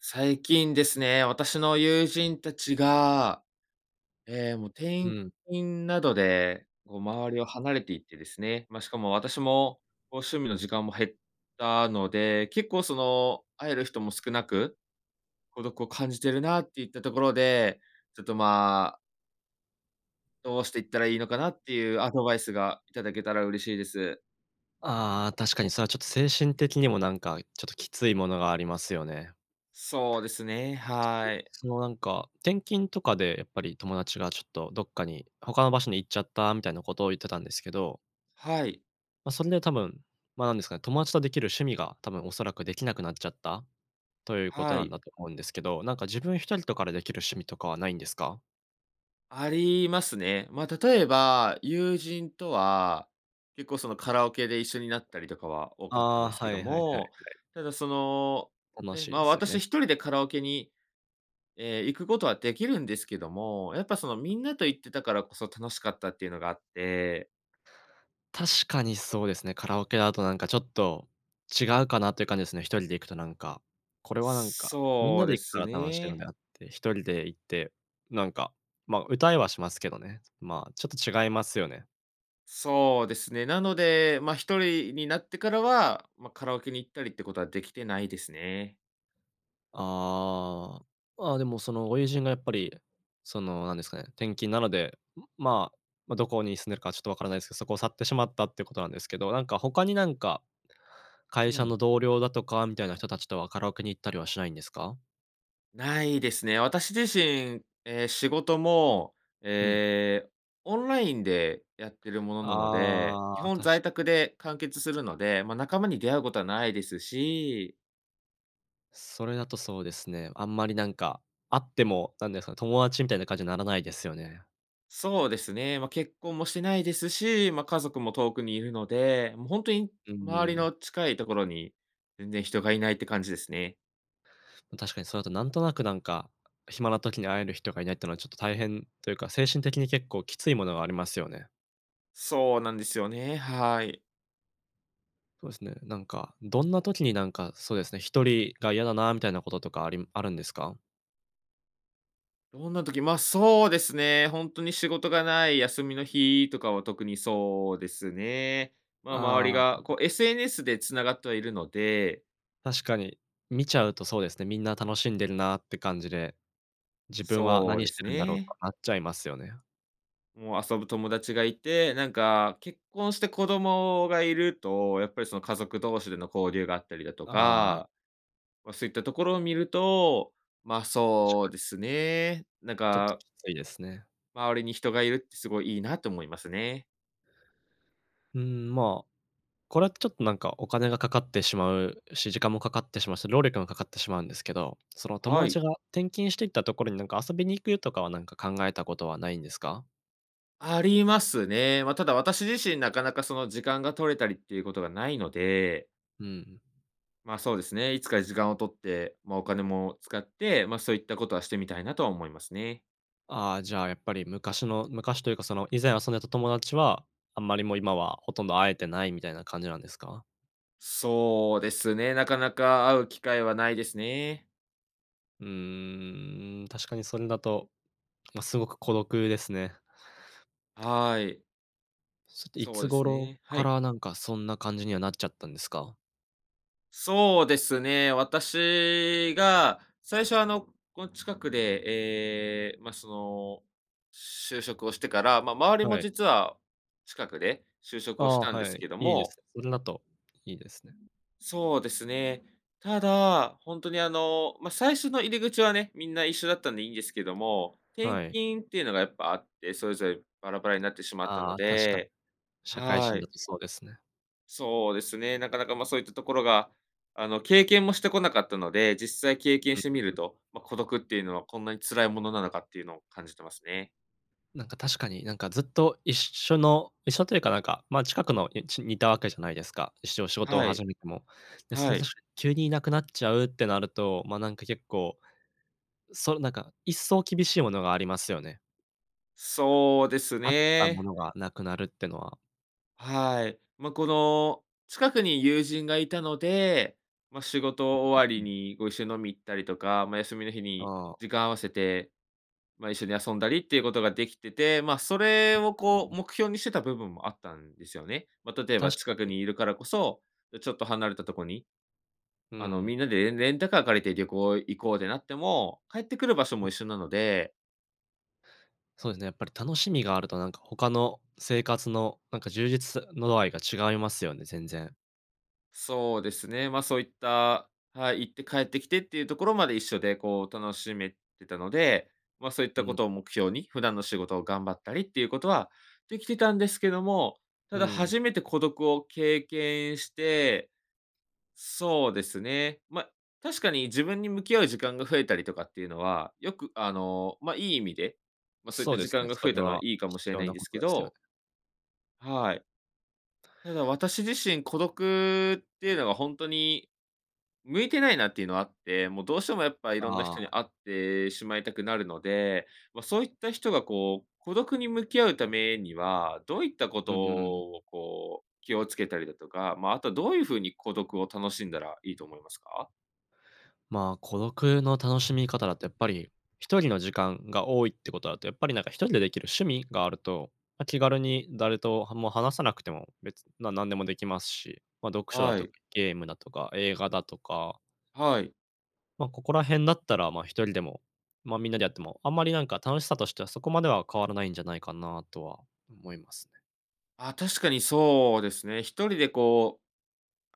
最近ですね、私の友人たちが、え、もう、う転ん。勤などで、こう、周りを離れていってですね、ま、しかも私も、こう、趣味の時間も減ったので、結構その、会える人も少なく、孤独を感じてるなっていったところで、ちょっと、まあどうしていったらいいのかなっていう、アドバイスがいただけたら嬉しいです。ああ、確かにそれはちょっと、精神的にもなんか、ちょっときついものがありますよね。そうですね、はい。そのなんか、転勤とかでやっぱり、友達がちょっとどっかに、他の場所に行っちゃったみたいなことを言ってたんですけどはい。ま、それで多分、ま、なんですかね、友達とできる趣味が多分、おそらくできなくなっちゃった、ということはなんい。だと思うんですけど、なんか、自分ひとりとかでできる趣味とかはないんですか？ありますね。ま、例えば、友人とは、結構その、カラオケで一緒になったりとかは多かったんあであ、すけはどいはいはいはい。も、ただその、楽ね、しいま、ですよ私、ね。ひとりでカラオケに、え、行くことはできるんですけども、やっぱその、みんなと行ってたからこそ楽しかったっていうのがあって確かにそうですね。カラオケだとなんか、ちょっと、違うかなっていう感じですね。ひとりで行くとなんか、これはなんか、みんそなうでで行くかすら楽しいのね。であって、ひとりで行って、なんか、まあ、歌いはしますけどね。まあ、ちょっと違いますよね。そうですね、なので、まあ、ひとりになってからは、まあ、カラオケに行ったりってことはできてないですね。ああ、まあ、でも、そのご友人がやっぱり、その、なんですかね、転勤なので、うん、まあ、ま、どこに住んでるかはちょっとわからないですけど、そこを去ってしまったってことなんですけど、なんか、他に、なんか、う会社ん。の同僚だとか、みたいな人たちとはカラオケに行ったりはしないんですか？ないですね。私自身、え、仕事も、うん。え、オンラインでやってるものなので、あ基あ、本確在か宅に。で完結するので、まあ、仲間に出会うことはないですし。それだとそうですね、あんまりなんか、会っても、なんですかね、友達みたいな感じにならないですよね。そうですね、まあ、結婚もしてないですし、まあ、家族も遠くにいるので、もうほんとに、う周りん。の近いところに、全然人がいないって感じですね。確かにそれだと、なんとなく、なんか、暇な時に会える人が居ないっていうのは、ちょっと、大変というか、精神的に結構きついものがありますよね。そうなんですよね、はい。そうですね。なんか、どんな時に、なんか、そうですね、1人が嫌だな、みたいなこととかありあるんですか？どんな時、ま、そうですね、ほんとに仕事がない休みの日とかは特にそうですね。ま、周りあが、あ。こう、SNS で繋がってはいるので。確かに、見ちゃうとそうですね、みんな楽しんでるなって感じで。自分はそう何でしてするんだろうとね。なっちゃいますよね。もう、遊ぶ友達が居て、なんか、結婚して子供が居ると、やっぱり、その、家族同士での交流があったりだとああ。か、ま、そういったところを見ると、ま、確そかうに。ですね。なんちょっとか。きついですね。周りに人が居るってすごいいいな、と思いますね。うーん、ま、これはちょっと、なんか、お金がかかってしまうし、時間もかかってしまうし、労力もかかってしまうんですけど、その、友は達い。が転勤して行ったところに、なんか、遊びに行くとかは、なんか、考えたことはないんですか？ありますね。ま、ただ、私自身なかなか、その、時間が取れたりっていうことがないので。うん。まあ、そうですね、いつか時間を取って、まあ、お金も使って、まあ、そういったことはしてみたいなとは思いますね。ああ、じゃあ、やっぱり、昔の、昔というか、その、以前遊んでた友達はあんまり、もう、今はほとんど会えてないみたいな感じなんですか？そうですね、なかなか会う機会はないですねえ。うーん。確かにそれだと、ま、すごく孤独ですね。はい。それって、いそうつです頃ね、はかい。ら、なんか、そんな感じにはなっちゃったんですか？そうですね、私が最初、あの、この近くで、ええ、ま、その、就職をしてから、ま、周りもはい。実は、近くで就職あをしあ、たんではすい、けどいいでも。す。それだといいですね。そうですね。ただ、ほんとに、あの、ま、最初の入り口はね、みんな一緒だったんでいいんですけども、転はい。勤っていうのが、やっぱあって、それぞれバラバラになってしまったあのあ、確かに、で、社会は人だい。とそうですね。そうですね。なかなか、ま、そういったところが、あの、経験もしてこなかったので、実際経験うん、しうてみるうん。と、ま、孤独っていうのはこんなに辛いものなのかっていうのを感じてますね。なんか確かに、なんかずっと一緒の一緒というかなんか、ま、近くの、いちに居たわけじゃないですか、いっしょ仕事をはい。始めても。で、それは確い。か、急に居なくなっちゃうってなると、ま、なんか結構、そう、なんか、一層厳しいものがありますよね。そうですあったもね。のがなくなるってのは。はい。ま、この、近くに友人が居たので、ま、仕う事終んわうりんうん。に、ご一緒飲み行ったりとか、ま、休みの日にああ。時間合わせて、ま、一緒に遊んだりっていうことが出来てて、ま、それうをうこうん。目標にしてた部分もあったんですよね。ま、例えば確近かくにに。居るからこそ、や、ちょっと離れたとこに、うあの、ん。みんなで、えんレンタカー借りて旅行行こうでなっても、帰ってくる場所うもん。一緒なのでそうですね、やっぱり楽しみがあると、なんか、他の生活の、なんか充実さの度合いが違いますよね、全然。そうですね。ま、そういった、はい、行って帰ってきてっていうところまで一緒で、こう、楽しめてたので、ま、そういっうたこんとを目標に、普段の仕事を頑張ったりっていうことは、できてたんですけども、たうだん。初めて孤独を経験して、そうですね、ま、確かに自分に向き合う時間が増えたりとかっていうのは、よく、あの、ま、いい意味で、ま、そういっそうたで時すね、間がそ増えれたのははいいかも必しれ要ないんなでこすとけですよね。ど。はい。ただ私自身孤独っていうのはほんとに、向いてないなっていうのはあって、もうどうしてもやっぱ色んなあ人にあ。会ってしまいたくなるので、ま、そういった人が、こう、孤独に向き合うためには、どういったこうとんうん。を、こう、気を付けたりだとか、ま、あとはどういう風に孤独を楽しんだらいいと思いますか？ま、孤独の楽しみ方だとやっぱり、一人の時間が多いってことだと、やっぱり、なんか、一人でできる趣味があると、ま、気軽に誰とはも話さなくても、別ななんでもできますし、ま、読書だはとい。ゲームだとか、映画だとか。はい。ま、ここら辺だったら、まあ、一人でも、ま、みんなでやっても、あんまりなんか楽しさとしてはそこまでは変わらないんじゃないかなとは思いますね。ああ、確かにそうですね。一人でこう、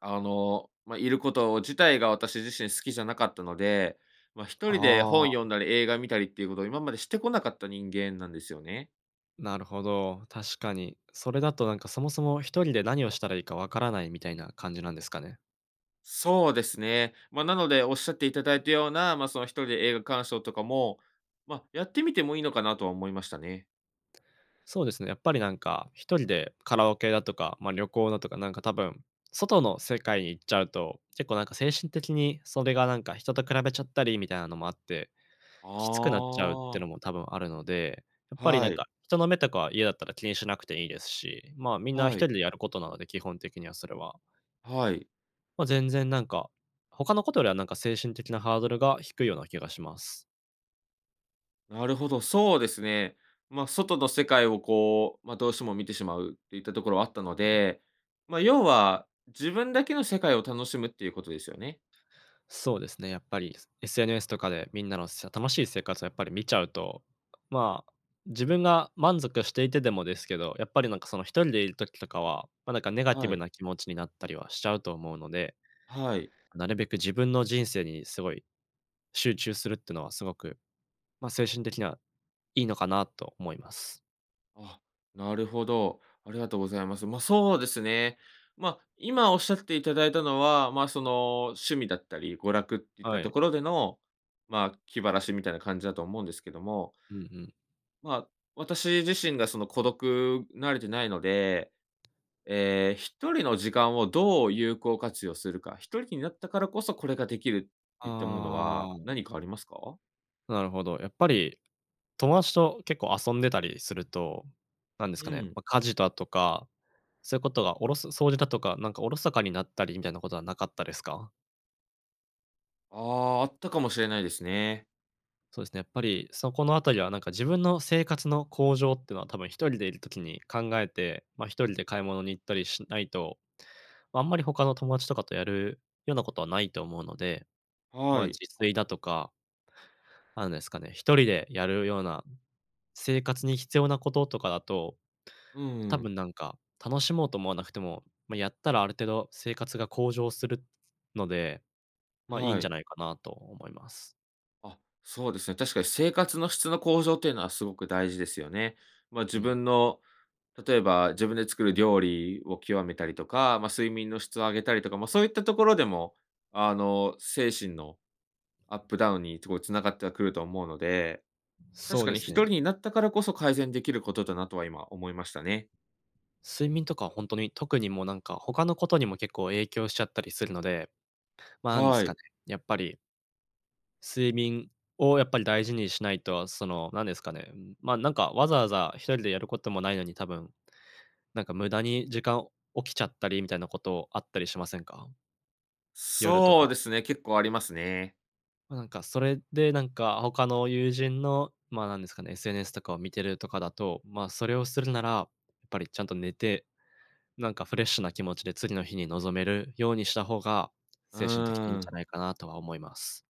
あの、ま、いること自体が私自身好きじゃなかったので、ま、一人であ本読あ。んだり映画見たりっていうことを今までしてこなかった人間なんですよね。なるほど、確かに。それだとなんか、そもそも一人で何をしたらいいか分からないみたいな感じなんですかね。そうですね。ま、なのでおっしゃっていただいたような、まあ、その一人で映画鑑賞とかも、ま、やってみてもいいのかなとは思いましたね。そうですね、やっぱりなんか、一人でカラオケだとか、ま、旅行だとかなんか多分、外の世界に行っちゃうと、結構なんか精神的にそれがなんか人と比べちゃったりみたいなのもあって、きつくなっちゃうってあのあ。も多分あるので、やっぱりはなんい。か、人の目とかは嫌だったら気にしなくていいですし、まあ、みんな一は人い。でやることなので、基本的にはそれは。はい。まあ、全然なんか、他のことよりはなんか、精神的なハードルが低いような気がします。なるほど、そうですね。ま、外の世界をこう、ま、どうしても見てしまうっていったところはあったのうん。で、ま、要は、自分だけの世界を楽しむっていうことですよね？そうですね、やっぱり、す SNS とかでみんなのしゃ楽しい生活やっぱり見ちゃうと、まあ、自分が満足していてでもですけど、やっぱりなんかその1人でいる時とかは、ま、なんか、ネガティはブい。な気持ちになったりはしちゃうと思うので、はい。なるべく自分の人生にすごい集中するってのはすごく、ま、精神的にはいいのかなと思います。あ、なるほど、ありがとうございます。ま、そうですね。ま、今おっしゃっていただいたのは、ま、その、趣味だったり娯楽っていったはとい。ころでの、まあ、気晴らしみたいな感じだと思うんですけどもうんうん。まあ、私自身がその、孤独、慣れてないので、ええ、1人の時間をどう有効活用するか1人きになったからこそ、これができるっていったものはああん。何かありますか？なるほど。やっぱり友達と結構遊んでたりすると、なんですうかね、ん。ま、家事だとか、そういうことがおろそ掃除だとか、なんかおろそかになったりみたいなことはなかったですか？ああ、あったかもしれないですね。そうですね、やっぱりそこのあたりはなんか、自分の生活の向上ってのは多分1人でいる時に考えて、ま、1人で買い物に行ったりしないと、あんまりほかの友達とかとやるようなことはないと思うので、はま、い。自炊だとか、なんですかね、1人でやるような生活に必要なこととかだと、うん多うん。分なんか、楽しもうと思わなくても、まやったらある程度生活が向上するので、ま、いいんはじゃい。ないかなと思います。あ、そうですね、確かに生活の質の向上っていうのはすごく大事ですよね。まあ、う自ん。分の例えば自分で作る料理を極めたりとか、まあ、睡眠の質を上げたりとか、まあ、そういったところでも、あの、精神の、アップダウンにすごい繋がってはくると思うので、確そうかでにすひとね。りになったからこそ改善できることだなとは今思いましたね。睡眠とかほんとに、特にもうなんか、ほかのことにも結構影響しちゃったりするので、まあ、なんではすかい。ね、やっぱり睡眠をやっぱり大事にしないとその、なんですかね、ん、ま、なんかわざわざ1人でやることもないのに多分、なんか無駄に時間起きちゃったりみたいなことあったりしませんか？夜とそうか。ですね、結構ありますね。ま、なんかそれで、なんかほかの友人の、ま、なんですかね、SNS とかを見てるとかだと、ま、それをするならやっぱりちゃんと寝て、なんかフレッシュな気持ちで次の日に臨めるようにした方がう精神的にいいーんじゃん。ないかなとは思います。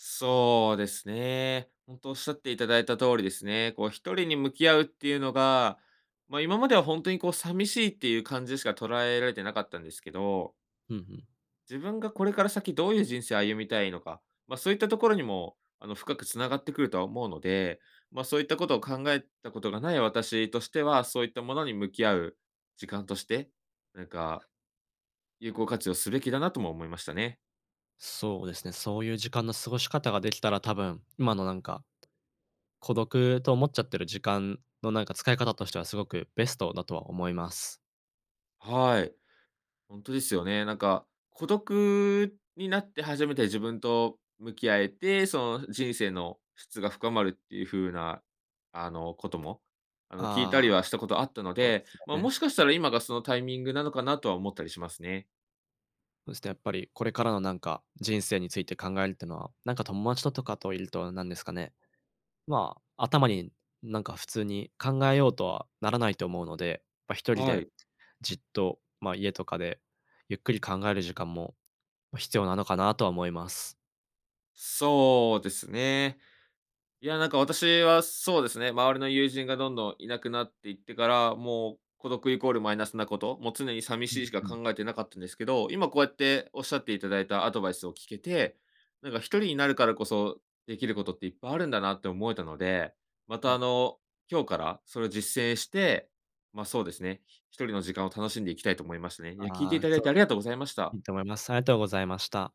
そうですね。ほんと仰っていただいた通りですね。こう、1人に向き合うっていうのが、ま、今まではほんとにこう、さみしいっていう感じしか捉えられてなかったんですけどうんふん。自分がこれから先どういう人生を歩みたいのか、ま、そういったところにも、あの深く繋がってくるとは思うので、ま、そういったことを考えたことがない私としては、そういったものに向き合う時間として、なんか、有効活用すべきだなとも思いましたね。そうですね、そういう時間の過ごし方が出来たら、多分今のなんか、孤独と思っちゃってる時間の、なんか使い方としてはすごくベストだとは思います。はい。ほんとですよね。なんか、孤独になって初めて自分と向き合えて、その、人生の質が深まるっていうふうな、あの、ことも、あの、聞いあたりはあ。したことあったのそうでで、すよま、もね。しかしたら今がそのタイミングなのかなとは思ったりしますね。そして、やっぱり、これからのなんか人生について考えるってのは、なんか友達ととかと居ると、なんですかね、ま、頭になんか普通に考えようとはならないと思うので、ま、1人はでい。じっと、ま、家とかでゆっくり考える時間も、ま、必要なのかなとは思います。そうですね。いや、なんか私はそうですね、周りの友人がどんどん居なくなっていってから、もう、孤独イコールマイナスなこと、もう常にさみうしんいしかうん。考えてなかったんですけど、今こうやって仰っていただいたアドバイスを聞けて、なんか1人になるからこそ出来ることっていっぱいあるんだなって思えたので、まうたあん。の、今日からそれ実践して、ま、そうですね、ひ1人の時間を楽しんでいきたいと思いますね。いや、聞いていああ、ただいすてごありく、がとうございました。いいと思います。ありがとうございました。